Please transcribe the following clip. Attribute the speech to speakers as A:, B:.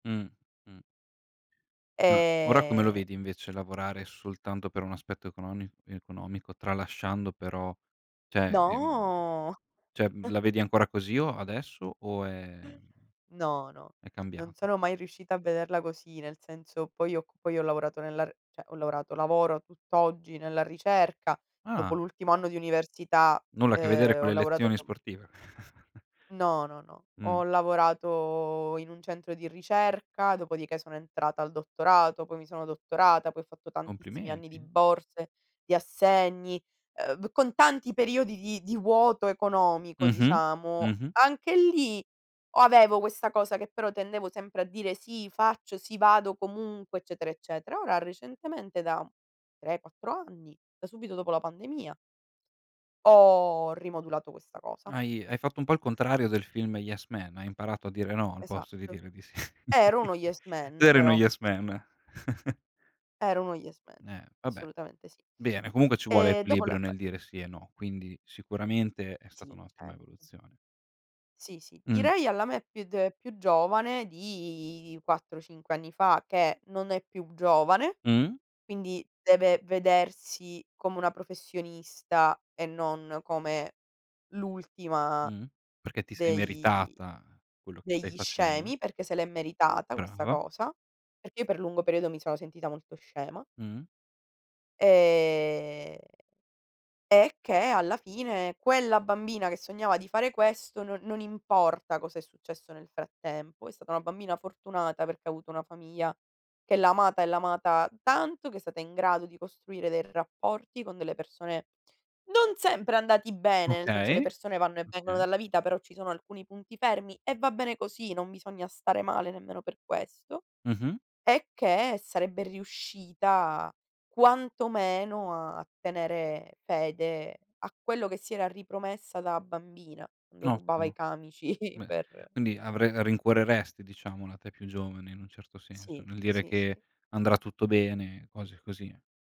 A: Mh, mh. Uhm, ora come lo
B: Ehm
A: vedi invece, lavorare soltanto per un aspetto econoni economico, tralasciando però, cioè e, mhmm
B: No
A: cioè la vedi ancora così o adesso o è mhmm,
B: No, no,
A: è
B: non
A: cambiato?
B: sono mai riuscita a vederla così, nel senso: poi ho c poi ho lavorato nella r cioè, ho lavorato lavoro tutt'oggi nella ricerca, dopo
A: Ah.
B: l'ultimo anno di università,
A: Nulla a che vedere
B: ehm,
A: con
B: ho
A: le
B: lavorato.
A: lezioni
B: [unintelligible]
A: sportive.
B: No, no, no.
A: Mh.
B: Ho lavorato in un centro di ricerca, dopodiché sono entrata al dottorato, poi mi sono dottorata, poi ho fatto tantissimi anni di
A: Complimenti.
B: borse, di assegni, uhm, con tanti periodi di di vuoto economico
A: Mh-mh.
B: diciamo.
A: Mh-mh.
B: Anche lì, avevo questa cosa che però tendevo sempre a dire: "Sì faccio, sì vado comunque, eccetera eccetera." Ora recentemente da 3, 4 anni, da subito dopo la pandemia ho rimodulato questa cosa.
A: Hai hai fatto un po' il contrario del film Yes Man, hai imparato a dire no, al posto di
B: Esatto.
A: dire di sì.
B: Ero uno Yes
A: Tu
B: Man
A: eri uno
B: però.
A: Yes Man.
B: Ero uno Yes Man,
A: Eh, vabbè.
B: assolutamente sì.
A: Bene comunque ci vuole
B: Ehm, dopo la
A: equilibrio
B: pan
A: nel dire sì e no, quindi, sicuramente è stata
B: Sì, cer
A: un'ottima evoluzione.
B: Sì, sì,
A: Mh.
B: direi alla me più d più giovane di 4 o 5 anni fa, che non è più giovane,
A: Mh?
B: quindi deve vedersi come una professionista, e non come l'ultima
A: Mh. Perché ti sei
B: dei
A: meritata, quello che stai
B: degli
A: facendo.
B: scemi, perché se l'è meritata questa
A: Brava.
B: cosa, perché io per lungo periodo mi sono sentita molto scema.
A: Mh.
B: Ehm, e che alla fine, quella bambina che sognava di fare questo, non non importa cosa è successo nel frattempo, è stata una bambina fortunata, perché ha avuto una famiglia che l'ha amata e l'ha amata tanto, che è stata in grado di costruire dei rapporti con delle persone, non sempre andati bene, nel senso le
A: Okay.
B: persone vanno e vengono
A: Okay.
B: dalla vita, però ci sono alcuni punti fermi, e va bene così, non bisogna stare male nemmeno per questo.
A: Mh-mh.
B: E che, sarebbe riuscita quanto meno, a tenere fede a quello che si era ripromessa da bambina, quando rubava i
A: Ottimo.
B: camici
A: Beh,
B: per
A: quindi avre rincuoreresti diciamo la te più giovane, in un certo senso,
B: Sì,
A: nel dire
B: sì,
A: che
B: sì.
A: andrà tutto bene, cose così.